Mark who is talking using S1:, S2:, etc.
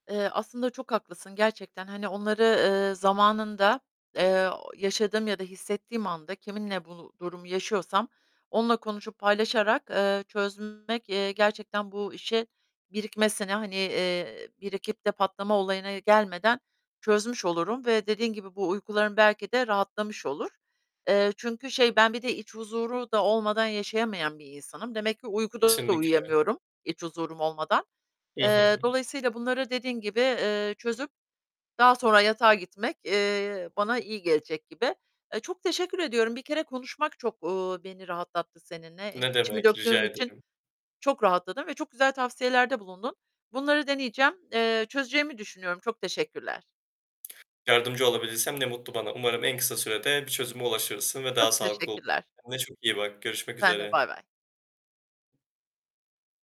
S1: Eee, aslında çok haklısın, gerçekten, hani, onları, eee, zamanında, eee, yaşadığım ya da hissettiğim anda, kiminle bunu, durumu yaşıyorsam, onunla konuşup paylaşarak, eee, çözmek, eee, gerçekten bu işe, birikmesine, hani, eee, birikip de patlama olayına gelmeden çözmüş olurum ve dediğin gibi bu uykularım belki de rahatlamış olur. Eee, çünkü şey, ben bir de iç huzuru da olmadan yaşayamayan bir insanım. Demek ki uykuda da
S2: Kesinlikle.
S1: uyuyamıyorum, iç huzurum olmadan.
S2: Hı
S1: Eee,
S2: hı.
S1: dolayısıyla, bunları dediğin gibi, eee, çözüp daha sonra yatağa gitmek, eee, bana iyi gelecek gibi. Eee, çok teşekkür ediyorum. Bir kere konuşmak çok, uuu, beni rahatlattı seninle. Hani,
S2: Ne
S1: içimi
S2: demek,
S1: döktüğüm
S2: rica
S1: için
S2: ederim.
S1: çok rahatladım ve çok güzel tavsiyelerde bulundun. Bunları deneyeceğim. Eee, çözeceğimi düşünüyorum. Çok teşekkürler.
S2: Yardımcı olabildiysem ne mutlu bana. Umarım en kısa sürede bir çözüme ulaşırsın ve daha
S1: Çok
S2: sağlıklı o
S1: teşekkürler.
S2: [unintelligible] Kendine çok iyi bak. Görüşmek
S1: Sen de.
S2: üzere.
S1: Baybay.